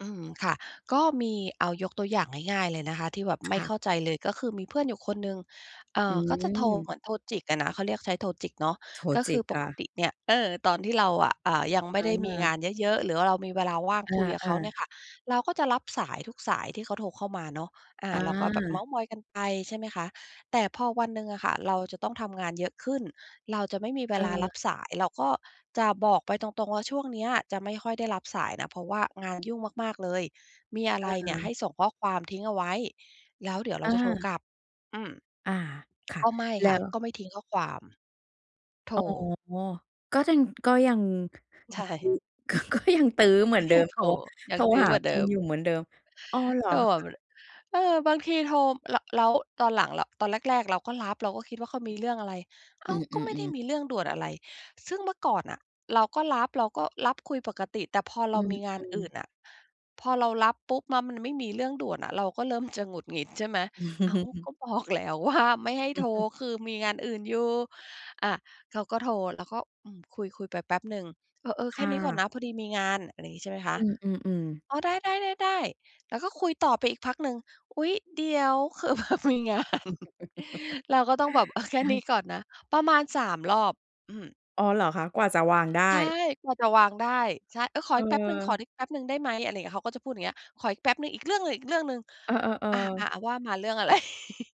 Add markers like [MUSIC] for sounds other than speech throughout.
อืม ค่ะ ก็มีเอายกตัวอย่างง่าย ๆ เลยนะคะที่แบบไมค่่ะ เข้าใจ เลย ก็คือมีเพื่อนอยู่คนหนึ่ง เอ่อือ ก็จะโทร เหม มือนโทรจิกอะนะ เขาเรียก ใช้โทรจิกเนาะ โทรก็จคิืกอปอกะ ติเนี่ย เออ ตอนที่เราอะ อ่า ยังไมเ่ได้มีองอ านเยอะ ๆ หรือว่าเรามีเวลาว่างคุยกับอเขา าเนี่ยๆ ค่ะ เราก็จะรับสายทุกสายที่เขาโทรเข้ามาเนาะ อ่า อเราก็แบบเม้า าท์มอยกันไป ใช่ไหมค แต่พอวันหนึ่งอะค่ะ เราจะต้องทำงานเยอะขึ้น เราจะไม่มีเวเลาอรอ ับสาย เราก็จะบอกไปตรง ๆ ว่า ช่วงเนี้ยจะไม่ค่อยได้รับสายนะ เพราะว่างานยุ่งมาก ๆ เลย มีอะเไรเนี่ยใออ ห้ส่งข้อความทิ้งเอาไว้ แล้วเดี๋ยวเรอาจะโทรา กลับ อืม อา ค่ะ ก็ไม่แลค่้ะ กว ็ไม่ทิ้งข้อความ โทร อ๋อ ก็ยัง ก็ยัง ใช่ ก็ ก็ยังตื้อเหมืกอ็นเดิยัม งโทโทร ร ยโัทงรตื้อหาเหมือนคเดุิณม อยู่เหมือนเดิม อ๋อ เหรอก็คแะ? บบ เออ บางทีโทร แล้ว แล้วตอนหลังเรา ตอนแรก ๆ เราก็รับ เราก็คิดว่า เขามีเรื่องอะไร อ้อาืว ก็ไม่ได้ม ๆ ๆ มีเรื่องด่วนอะไร ซึ่งเมื่อก่อนน่ะ เราก็รับ เราก็รับคุยปกติ แต่พอเอรืามม ีงานอื่ๆ นน่ะ พอเรารับปุ๊บมามันไม่มีเรื่องด่วนอะ เราก็เริ่มจะหงุดหงิด ใช่ไหม อ้าว ก[CHUCKLES] ็บอก แล้วว่า ไม่ให้โทร [CHUCKLES] คือมีงานอื่นอยู่ อ่า เขาก็โทรแล้วก็ อืม คุย ๆ ไปแป๊บหนึ่ง เออ ๆ คแค่่นี้ก่อนะ นะ พอดีมีงาน อะไรงี้ ใช่ไหมคอะ ืม ๆ ๆ อ๋อ ได้ ๆ ๆ ๆ แล้วก็คุยต่อไปอีกพักหนึ่ง อุ๊ย เดี๋ยว คือ แบบมีงาน [CHUCKLES] เราก็ต้องแบบ เออ แค่นี้[CHUCKLES] ก่อนนะ ประมาณ 3 รอบ อืม อ๋อเหรอคะ? กว่าจะวางไดใช้ ่ กว่าจะวางได้ ใช่ เออ ขอเอีกแป๊บหนึ่ง ขอออ แป๊บหนึ่งได้ไหม? อะไรอย่างเงี้ย เขาก็จะพูดอย่างเงี้ย ขออีกแป๊บหนึ่ง อีกเรื่องหนึ่ง อีกเรื่องหนึ่ง เออ อ่า อ่า ๆ ๆ ว่ามา เรื่อง อะไร? [CHUCKLES]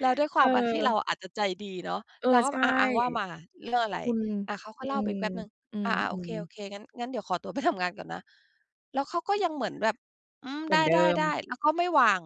แล้วด้วยความ อ่า ที่เรเออ าอาจจะใจดีเนาะ เออเราก็ ใช่ อา ๆ ว่ามา เรื่องอะไร? คุณ อ่า เขากอ็ืเล่าไปม อีกแป๊บหนึ่ง อือ่า ๆ โอเค อ โอๆ เค งั้น งั้นเดี๋ยวขอตัวไปทำงานก่อนนะ แล้วเขาก็ยังเหมือนแบบ อืม เหมไดือนเดิ้ ม ๆ ๆ แล้วก็ไม่วาง